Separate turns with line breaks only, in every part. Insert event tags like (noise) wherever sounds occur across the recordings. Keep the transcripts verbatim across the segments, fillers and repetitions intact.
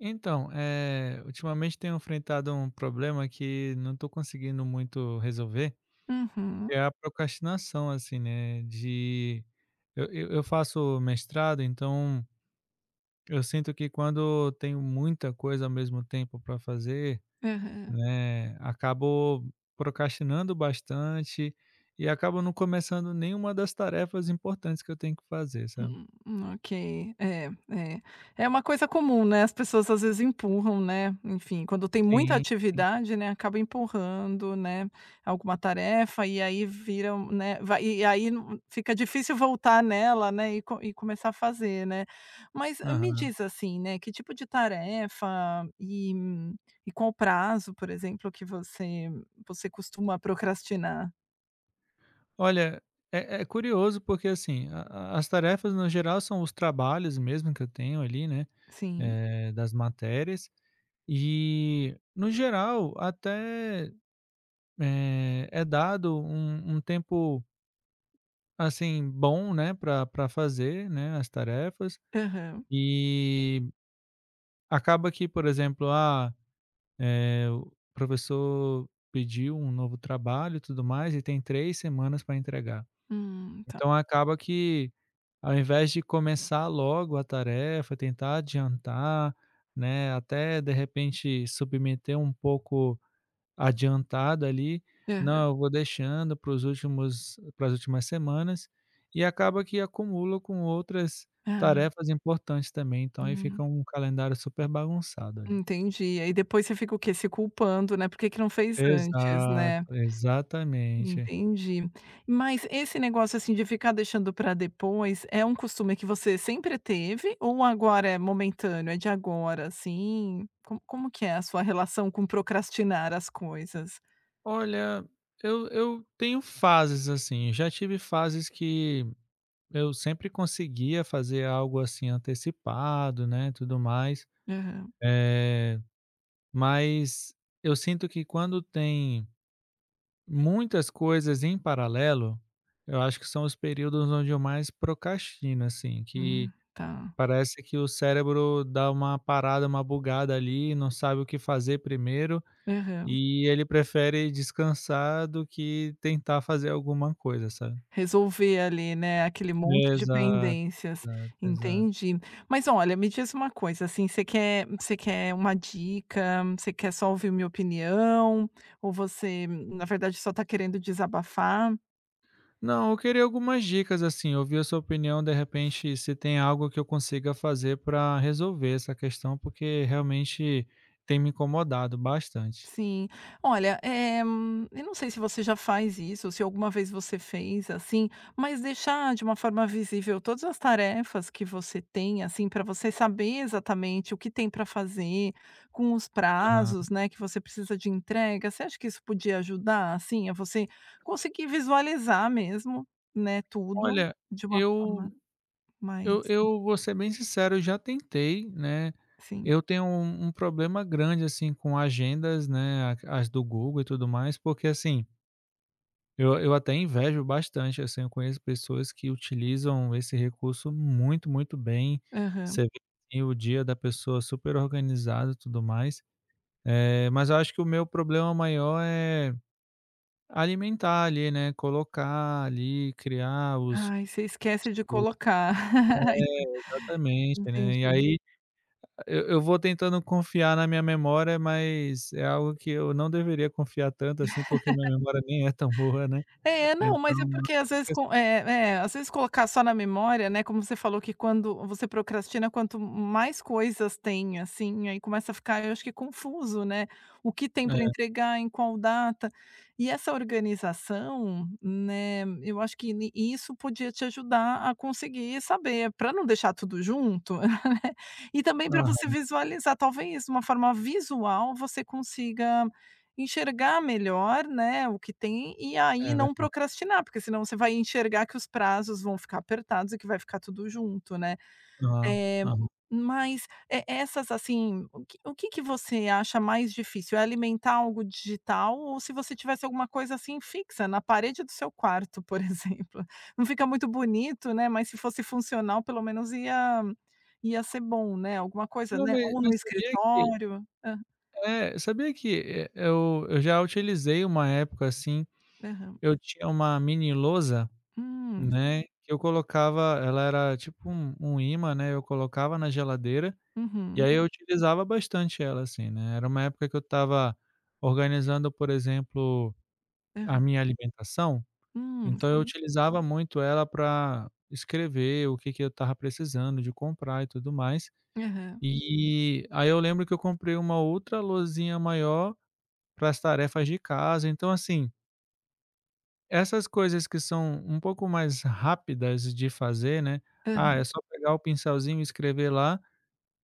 Então, eh, ultimamente tenho enfrentado um problema que não estou conseguindo muito resolver. Que
Uhum.
é a procrastinação assim, né, de eu eu eu faço mestrado, então eu sinto que quando tenho muita coisa ao mesmo tempo para fazer,
Aham.
né, acabo procrastinando bastante e acabo não começando nenhuma das tarefas importantes que eu tenho que fazer, sabe.
Hum ok. É, é, é uma coisa comum, né, as pessoas às vezes empurram, né, enfim, quando tem muita
Sim, sim.
atividade, né, acaba empurrando, né, alguma tarefa e aí viram, né Vai e aí fica difícil voltar nela, né, e com e começar a fazer, né. Mas me
Aham.
diz, assim, né que tipo de tarefa e e qual o prazo, por exemplo, que você você costuma procrastinar?
Olha, é é curioso, porque, assim, a a as tarefas no geral, são os trabalhos, mesmo que eu tenho, ali, né,
Sim.
eh, das matérias. E no geral, até, eh, é dado um um tempo assim, bom, né pra pra fazer, né, as tarefas.
Aham.
E acaba que, por exemplo, ah, eh, o professor pediu um novo trabalho e tudo mais e tem três semanas para entregar.
Hum, tá.
Então acaba que, ao invés de começar logo a tarefa, tentar adiantar, né, até de repente, submeter um pouco adiantado ali,
Aham.
não, eu vou deixando para os últimos para as últimas semanas e acaba que acumula com outras
Ah.
tarefas importantes também. Então aí
Hum.
fica um calendário super bagunçado ali.
Entendi. Aí depois você fica o quê; se culpando, né, por que que não fez antes, né.
Exato, exatamente.
Entendi. Mas esse negócio, assim, de ficar deixando pra depois é um costume que você sempre teve ou agora é momentâneo? É de agora, assim, co como que é a sua relação com procrastinar as coisas?
Olha, eu eu tenho fases assim. Já tive fases que eu sempre conseguia fazer algo, assim, antecipado, né, tudo mais.
Aham.
Eh, mas eu sinto que quando tem muitas coisas em paralelo, eu acho que são os períodos onde eu mais procrastino, assim,
Ah,
que
tá.
parece que o cérebro dá uma parada, uma bugada, ali, e não sabe o que fazer primeiro
Aham.
e ele prefere descansar do que tentar fazer alguma coisa, sabe.
Resolver ali, né, aquele monte de
Exato,
pendências,
exato, exato.
entendi. Mas olha, me diz uma coisa, assim, você quer você quer uma dica? Você quer só ouvir minha opinião ou você, na verdade, só está querendo desabafar?
Não, eu queria algumas dicas, assim, ouvir a sua opinião, de repente, se tem algo que eu consiga fazer para resolver essa questão, porque realmente, tem me incomodado bastante.
Sim. Olha, eh, eu não sei se você já faz isso ou se alguma vez você fez, assim, mas deixar de uma forma visível todas as tarefas que você tem, assim, pra você saber exatamente o que tem para fazer com os
Aham.
prazos, né, que você precisa de entrega. Você acha que isso podia ajudar, assim, a você conseguir visualizar mesmo, né, tudo
Olha,
de uma
eu
forma mais
eu eu vou ser bem sincero, eu já tentei, né.
Sim.
Eu tenho um um problema grande, assim, com agendas, né, a as do Google e tudo mais, porque assim eu eu até invejo bastante, assim. Eu conheço pessoas que utilizam esse recurso muito, muito bem.
Aham.
Você vê, assim, o dia da pessoa super organizado e tudo mais. Eh, mas eu acho que o meu problema maior é alimentar ali, né, colocar ali, criar os
Ai, você esquece de
os É,
colocar. (laughs)
exatamente, né. E
Entendi.
aí, eu eu vou tentando confiar na minha memória, mas é algo que eu não deveria confiar tanto assim, porque minha
(laughs)
memória nem é tão boa, né.
É. Não,
Então,
mas é
eu
porque às
acabo
vezes
esquece
co eh eh, às vezes colocar só na memória, né Como você falou que quando você procrastina, quanto m mais coisas tem, assim, aí começa a ficar, eu acho que, confuso, né; o que tem para
É.
entregar, em qual data. E essa organização, né, eu acho que ni isso podia te ajudar a conseguir saber para não deixar tudo junto (chuckles) e também para você
Aham.
visualizar. Talvez, uma forma visual, você consiga enxergar melhor, né, o que tem e aí
É
não
verda
procrastinar. Porque senão você vai enxergar que os prazos vão ficar apertados e que vai ficar tudo junto, né.
Aham,
Eh,
aham.
mas e essas, assim o que o que que você acha mais difícil: é alimentar algo digital ou se você tivesse alguma coisa, assim, fixa na parede do seu quarto, por exemplo não fica muito bonito, né, mas se fosse funcional, pelo menos ia ia ser bom, né. Alguma coisa,
Não,
né
ma
ou no
mas sabia que
escritório. Hã.
É, sabia que, eh, eu eu já utilizei uma época, assim.
Aham.
Eu tinha uma mini lousa,
Hum.
né, que eu colocava Ela era tipo um um ímã, né, eu colocava na geladeira, e
Uhum.
aí eu utilizava bastante ela, assim, né. Era uma época que eu estava organizando, por exemplo, a
Aham.
minha alimentação,
Hum,
então eu
sim.
utilizava muito ela pra escrever o que que eu estava precisando de comprar e tudo mais.
Aham.
E, aí eu lembro que eu comprei uma outra losinha maior para as tarefas de casa. Então, assim Essas coisas, que são um pouco mais rápidas de fazer, né, ah, é
Aham.
só pegar o pincelzinho e escrever lá,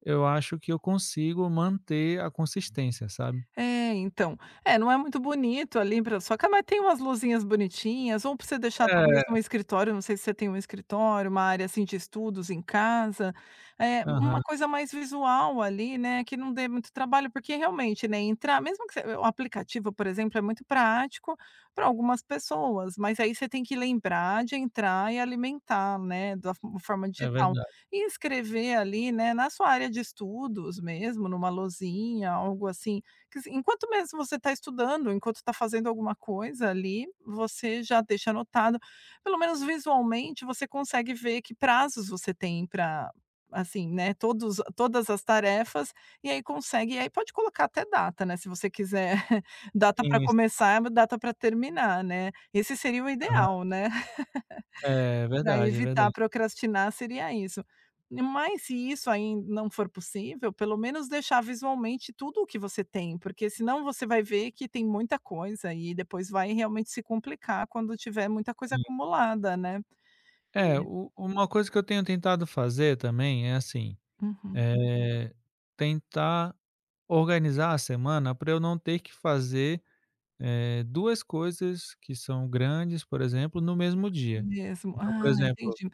eu acho que eu consigo manter a consistência, sabe?
É, então é, não é muito bonito ali pra só que tem umas luzinhas bonitinhas ou pra você deixar talvez
É.
no escritório, não sei se você tem um escritório, uma área assim de estudos em casa, eh, uma
Aham.
coisa mais visual ali, né, que não dê muito trabalho. Porque realmente, né, entrar mesmo que você o aplicativo, por exemplo, é muito prático para algumas pessoas. Mas aí você tem que lembrar, de entrar e alimentar, né, da fo forma
É
digital
verdade.
e escrever ali, né, na sua área de estudos, mesmo numa lousinha, algo assim que sim enquanto mesmo você tá estudando, enquanto tá fazendo alguma coisa ali, você já deixa anotado. Pelo menos visualmente, você consegue ver que prazos você tem pra assim, né, todos todas as tarefas e aí consegue. E aí pode colocar até data, né, se você quiser (chuckles) data para
Tem isso.
começar, é uma data para terminar, né, esse seria o
Aham.
ideal, né, (laughs)
É
para
verdade, é
evitar
verdade.
procrastinar, seria isso. Mas se isso aí não for possível, pelo menos deixar visualmente tudo o que você tem, porque senão você vai ver, que tem muita coisa e depois vai realmente se complicar quando tiver muita coisa
Sim.
acumulada, né.
É
(unintelligible)
u uma coisa que eu tenho tentado fazer, também é assim,
Uhum.
eh, tentar organizar a semana, para eu não ter que fazer, eh, duas coisas que são grandes, por exemplo, no mesmo dia.
Mesmo.
Então, por
Ah,
exemplo
entendi.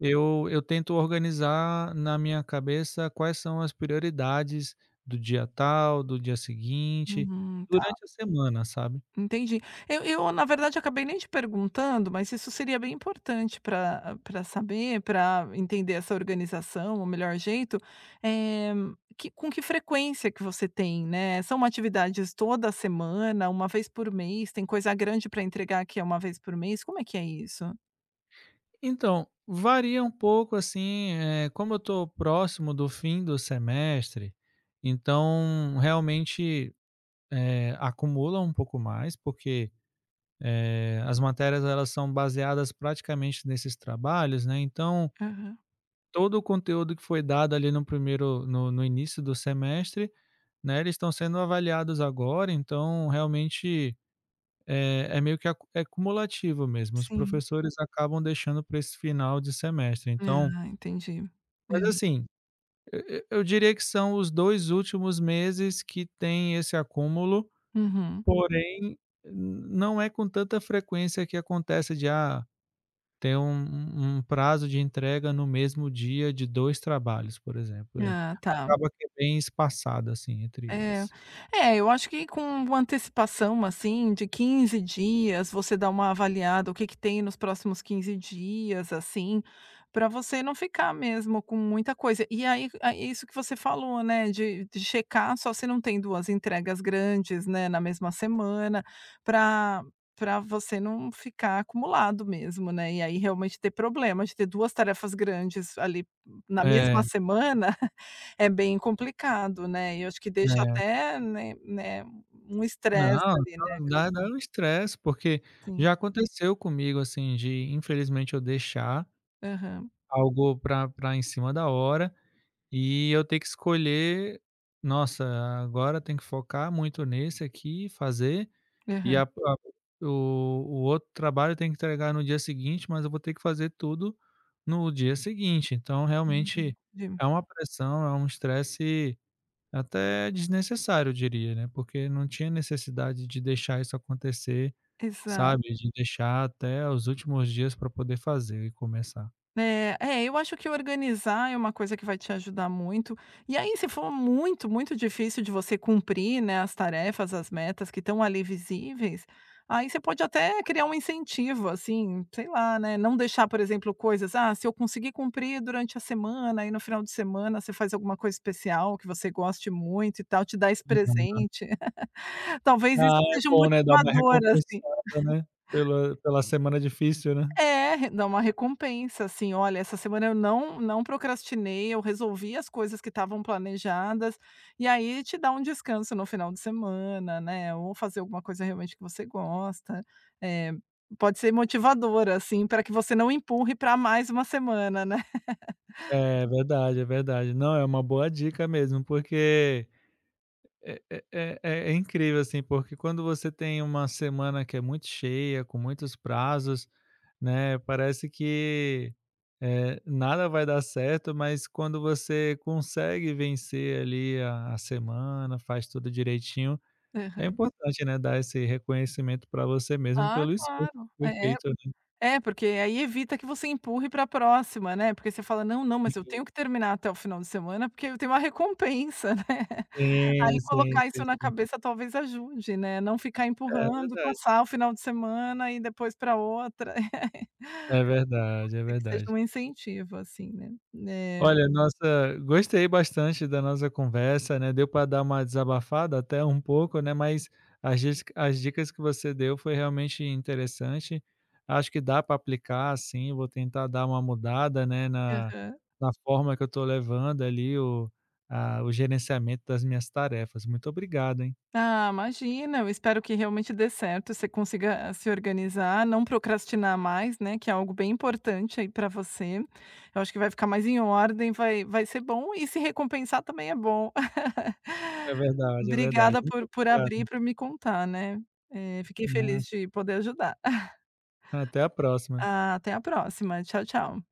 eu, eu tento organizar na minha cabeça, quais são as prioridades do dia tal, do dia seguinte,
Uhum, tá.
durante a semana, sabe?
Entendi. Eu eu, na verdade, acabei nem te perguntando, mas isso seria bem importante para para saber, para entender essa organização, o melhor jeito, eh, que com que frequência que você tem? Né, são atividades toda semana? Uma vez por mês? Tem coisa grande para entregar que é uma vez por mês? Como é que é isso?
Então, varia um pouco assim, eh, como eu tô próximo do fim do semestre, então, realmente, eh, acumula um pouco mais, porque, eh, as matérias; elas são baseadas praticamente nesses trabalhos, né. Então
Aham.
todo o conteúdo que foi dado ali num primeiro, no no início do semestre, né, eles estão sendo avaliados agora, então, realmente, eh, é meio que ac é acumulativo mesmo. Os
Sim.
professores acabam deixando pra esse final de semestre. Então
Ah, entendi.
Mas,
Hã.
assim. E e eu diria que são os dois últimos meses que têm esse acúmulo,
Uhum.
porém, n não é com tanta frequência que acontece de, ah, ter um um um prazo de entrega no mesmo dia de dois trabalhos, por exemplo. Eh,
Ah, tá.
acaba que é bem espaçado, assim, entre
É.
eles.
É, eu acho que com uma antecipação, assim, de quinze dias, você dá uma avaliada o que que tem nos próximos quinze dias, assim, pra você não ficar mesmo com muita coisa. E aí aí isso o que você falou, né. De de checar só se não tem duas entregas grandes, né, na mesma semana. Pra pra você não ficar acumulado mesmo, né. E aí, realmente, ter problema de ter duas tarefas grandes ali n na mesma
É.
semana. (chuckles) É bem complicado, né. E eu acho que deixa
É.
até, né né, um
Não,
estresse ali, né,
não.
acab
Dá dá um estresse porque
Sim.
já aconteceu comigo, assim, de, infelizmente, eu deixar
Aham.
algo pra pra em cima da hora e eu ter que escolher: "Nossa, agora tenho que focar muito nesse aqui e fazer e
Aham.
a a o o outro trabalho eu tenho que entregar no dia seguinte, mas eu vou ter que fazer tudo no dia seguinte." Então
Hum,
realmente
sim.
é uma pressão; é um estresse até desnecessário, eu diria, né. Porque não tinha necessidade de deixar isso acontecer,
Exato.
sabe, de deixar até os últimos dias pra poder fazer e começar.
Né. É, eu acho que organizar é uma coisa que vai te ajudar muito. E aí, se for muito, muito difícil de você cumprir, né, as tarefas; as metas que estão ali visíveis, aí você pode até criar um incentivo, assim. Sei lá, né. Não deixar, por exemplo, coisas: "Ah, se eu conseguir cumprir durante a semana," aí no final de semana, você faz alguma coisa especial que você goste muito e tal. Te dá esse
Uhum.
presente. (laughs) Talvez isso
Ah, é
seja um
bom, né. Dá uma
motivador, assim.
recompensada, né.
(chuckles)
Pela pela semana difícil, né.
É, dá uma recompensa assim. "Olha, essa semana eu não não procrastinei. Eu resolvi as coisas que estavam planejadas" e aí te dá um descanso no final de semana, né. Ou fazer alguma coisa realmente que você gosta, eh, pode ser motivador, assim, pra que você não empurre pra mais uma semana, né.
É, verdade. É
(laughs)
verdade. Não, é uma boa dica mesmo, porque é é é é é incrível, assim. Porque quando você tem uma semana que é muito cheia, com muitos prazos, né, parece que, eh, nada vai dar certo. Mas quando você consegue vencer, ali, a a semana, faz tudo direitinho é
Aham.
importante, né, dar esse reconhecimento pra você mesmo
Ah,
pelo esforço
claro!
que foi
É é
feito ali.
é porque aí evita que você empurre para a próxima, né. Porque você fala: "Não, não, mas eu
E.
tenho que terminar até o final de semana, porque eu tenho uma recompensa, né." Aí
Sim, sim,
colocar
sim,
isso na
sim.
cabeça talvez ajude, né. Não ficar
É
empurrando e
verdade.
passar o final de semana e depois pra outra.
É
(laughs)
verdade. É
Tem que ter
verdade.
algum incentivo assim, né. É.
Olha, nossa gostei bastante da nossa conversa, né. Deu pra dar uma desabafada, até, um pouco, né. Mas as disca as dicas que você deu foi realmente interessante. Acho que dá pra aplicar, sim. Vou tentar dar uma mudada, né, na
Aham.
na forma que eu tô levando, ali, o a o gerenciamento das minhas tarefas. Muito obrigado, hein.
Ah, imagina. Eu espero que realmente dê certo. Você consiga a se organizar; não procrastinar mais, né, que é algo bem importante aí pra você. Eu acho que vai ficar mais em ordem. Vai vai ser bom e se recompensar também é bom.
É
(laughs)
verdade, é verdade.
Obrigada por
Muito
por abrir
obrigado.
pra me contar, né. Eh, fiquei feliz
Nada.
de poder ajudar. (chuckles)
Até a próxima.
A até a próxima. Tchau, tchau.